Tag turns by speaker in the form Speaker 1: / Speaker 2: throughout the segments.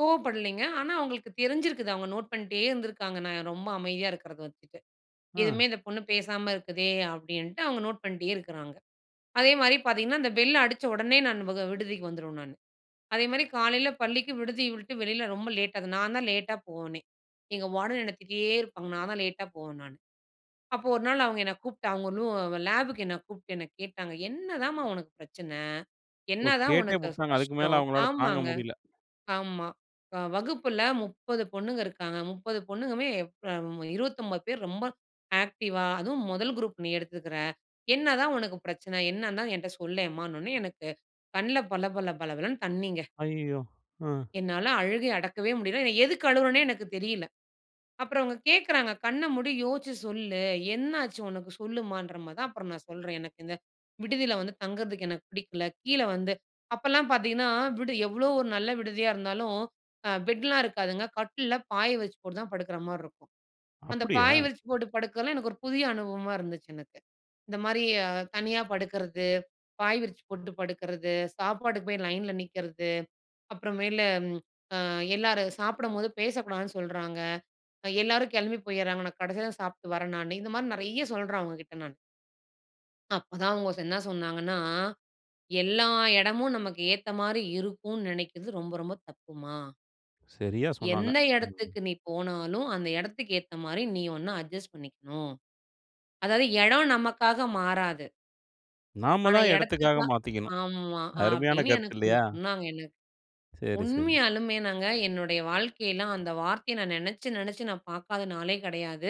Speaker 1: கோவப்படலைங்க. ஆனா அவங்களுக்கு தெரிஞ்சிருக்குது அவங்க நோட் பண்ணிட்டே இருந்துருக்காங்க, நாங்க ரொம்ப அமைதியா இருக்கிறத வச்சுட்டு.
Speaker 2: ம்.
Speaker 1: எதுவுமே இந்த பொண்ணு பேசாம இருக்குதே அப்படின்ட்டு அவங்க நோட் பண்ணிட்டே இருக்குறாங்க. அதேமாதிரி பார்த்தீங்கன்னா அந்த பெல் அடிச்ச உடனே நான் வக விடுதிக்கு வந்துருவேன் நானு. அதே மாதிரி காலையில பள்ளிக்கு விடுதியை விட்டு வெளியில ரொம்ப லேட்டாது நான் தான் லேட்டா போவேனே. எங்க வார்டன் என்ன திட்டிட்டே இருப்பாங்க. நான் தான் லேட்டா போவேன் நானு. அப்போ ஒரு நாள் அவங்க என்ன கூப்பிட்டு அவங்க ரூ லேபுக்கு என்ன கூப்பிட்டு என்ன கேட்டாங்க "என்னதாம்மா உனக்கு பிரச்சனை?
Speaker 2: ஓ!
Speaker 1: என்னதான்
Speaker 2: கேட்டே
Speaker 1: உனக்கு கஷ்
Speaker 2: புட்டாங்க. அதுக்கு மேல
Speaker 1: கஷ்டம்?"
Speaker 2: அவுங்களால தாங்க
Speaker 1: ஆமாங்க,
Speaker 2: முடியல.
Speaker 1: ஆமா. அ வகுப்பில 30 பொண்ணுங்க இருக்காங்க. 30 பொண்ணுங்கமே ப் அம் 29 பேர் ரொம்ப ஆக்டிவா, அதுவும் முதல் குரூப் நீ எடுத்துருக்கிற. என்னதான் உனக்கு பிரச்சனை? என்னன்னு தான் என்ட்ட சொல்லேம்மான்னோன்னே எனக்கு கண்ல பள பள பள பளனு தண்ணிங்க.
Speaker 2: ஐயயோ! ஆ.
Speaker 1: என்னால அழுகைய அடக்கவே முடியல. நான் எதுக்கு அழுவுறேன்னே எனக்கு தெரியல. அப்புறம் அவங்க கேட்குறாங்க "கண்ண மூடி யோசிச்சு சொல்லு. என்னாச்சு உனக்கு சொல்லுமான்ற மாதான்." அப்புறம் நான் சொல்றேன் எனக்கு இந்த விடுதியில வந்து தங்குறதுக்கு எனக்கு பிடிக்கல. கீழ வந்து அப்பலாம் பார்த்தீங்கன்னா, விடு எவ்வளோ ஒரு நல்ல விடுதியா இருந்தாலும் அ பெட்லாம் இருக்காதுங்க. கட்டில்ல பாய விரிச்சி போட்டு தான் படுக்குற மாதிரி இருக்கும். அந்த
Speaker 2: அப்பிடியா?
Speaker 1: பாய் விரிச்சி போட்டு படுக்கறதல்லாம் எனக்கு ஒரு புதிய அனுபவமா இருந்துச்சு எனக்கு. இந்த மாதிரி அ "தனியா படுக்கிறது. பாய் விரிச்சி போட்டு படுக்கிறது. சாப்பாடுக்கு போய் லைன்ல நிக்கிறது. அப்புறமேலு ம் அ எல்லாரும் சாப்பிடம்போது பேசக்கூடாதுன்னு சொல்றாங்க. எல்லாரும் கிளம்பி போயிர்றாங்க. நான் கடைசில தான் சாப்பிட்டு வரேன் நானு." இந்த மாதிரி நெறைய சொல்றேன் அவங்ககிட்ட நான். அப்பதான் அவங்க ச என்ன சொன்னாங்கன்னா, "எல்லா இடமும் நமக்கு ஏத்த மாதிரி இருக்கும்ன்னு நினைக்கிறது ரொம்ப ரொம்ப தப்புமா."
Speaker 2: சரியா சொன்னாங்க.
Speaker 1: "எந்த
Speaker 2: ம்.
Speaker 1: இடத்துக்கு நீ போனாலும் அந்த இடத்துக்கு ஏத்த மாதிரி நீ ஒன்ன அட்ஜஸ்ட் பண்ணிக்கணும்." அதாவது இடம் நமக்காக மாறாது.
Speaker 2: நாம
Speaker 1: ஆனா
Speaker 2: தான் எடத்துக்காக
Speaker 1: இடத்துக்கா
Speaker 2: மாத்திக்கணும்.
Speaker 1: ஆமா.
Speaker 2: அருமையான
Speaker 1: அப்படின்னு
Speaker 2: கருத்து
Speaker 1: எனக்கு ஒண்ணு
Speaker 2: இல்லையா?
Speaker 1: சொன்னாங்க எனக்கு.
Speaker 2: சரி, சரி.
Speaker 1: உண்மையாலுமே நாங்க என்னுடைய வாழ்க்கைலாம் அந்த வார்த்தையை நான் நெனச்சி நெனச்சி நான் பார்க்காத நாளே கிடையாது.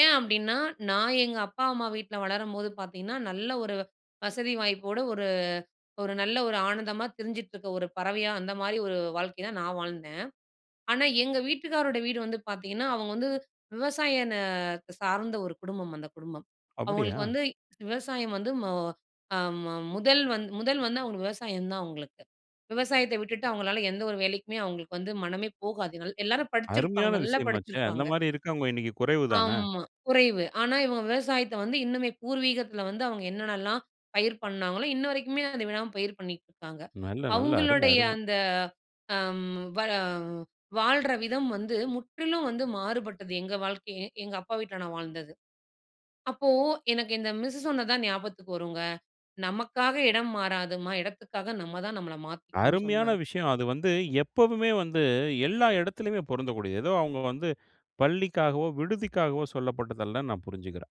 Speaker 1: ஏன் அப்படின்னா நான் எங்க அப்பா அம்மா வீட்ல வளரம்போது பார்த்தீங்கன்னா, நல்ல ஒரு வ் வசதி வாய்ப்போடு ஒரு ஒரு நல்ல ஒரு ஆனந்தமா திரிஞ்சிட்டு இருக்க ஒரு பறவையா, அந்த மாதிரி ஒரு வாழ்க்கைதான் நான் வாழ்ந்தேன். ஆனா எங்க வீட்டுக்காரோடைய வீடு வந்து பார்த்தீங்கன்னா அவங்க வந்து விவசாய இந்த சார்ந்த ஒரு குடும்பம் அந்த குடும்பம்.
Speaker 2: அப்படியா?
Speaker 1: அவங்களுக்கு வந்து விவசாயம் வந்து மொ அம் ம முதல் வந் முதல் வந்து அவங்களுக்கு விவசாயம் தான் அவங்களுக்கு. விவசாயத்த விட்டுட்டு அவங்களால எந்த ஒரு வேலைக்குமே அவங்களுக்கு வந்து மனமே போகாதுனால எல்லாரும் படிச்சிருப்பாங்க
Speaker 2: அருமையான
Speaker 1: நல்லா
Speaker 2: விஷயமாச்சே! அந்த
Speaker 1: படிச்சிருப்பாங்க.
Speaker 2: மாதிரி இருக்கவங்க இன்னைக்கு குறைவு தான!
Speaker 1: ஆமா, குறைவு. ஆனா இவங்க விவசாயத்த வந்து இன்னுமே பூர்வீகத்தில வந்து அவங்க என்னென்னலாம் பயிர் பண்ணாங்களோ இன்ன வரைக்குமே அதை விடாம பயிர் பண்ணிக்கிட்டு இருக்காங்க.
Speaker 2: நல்ல, நல்ல. அரும!
Speaker 1: அவங்களுடைய
Speaker 2: அரும!
Speaker 1: அந்த அம் வ வாழ்ற விதம் வந்து முற்றிலும் வந்து மாறுபட்டது. எங்க வாழ்க்கையே எங்க அப்பா வீட்ல நான் வாழ்ந்தது. அப்போ எனக்கு இந்த மிஸ்ஸு சொன்னது தான் ஞாபகத்துக்கு வருங்க. நமக்காக இடம் மாறாதும்மா! இடத்துகாக நம்மதான் நம்மள மாத்திகணும்னு
Speaker 2: அருமையான
Speaker 1: சொன்னாங்க.
Speaker 2: விஷயம். அது வந்து எப்பவுமே வந்து எல்லா இடத்திலயுமே பொருந்தக்கூடியது. ஏதோ அவங்க வந்து பள்ளிக்காகவோ, விடுதிக்காகவோ சொல்லப்பட்டது அல்லன்னு நான் புரிஞ்சுக்கிறேன்.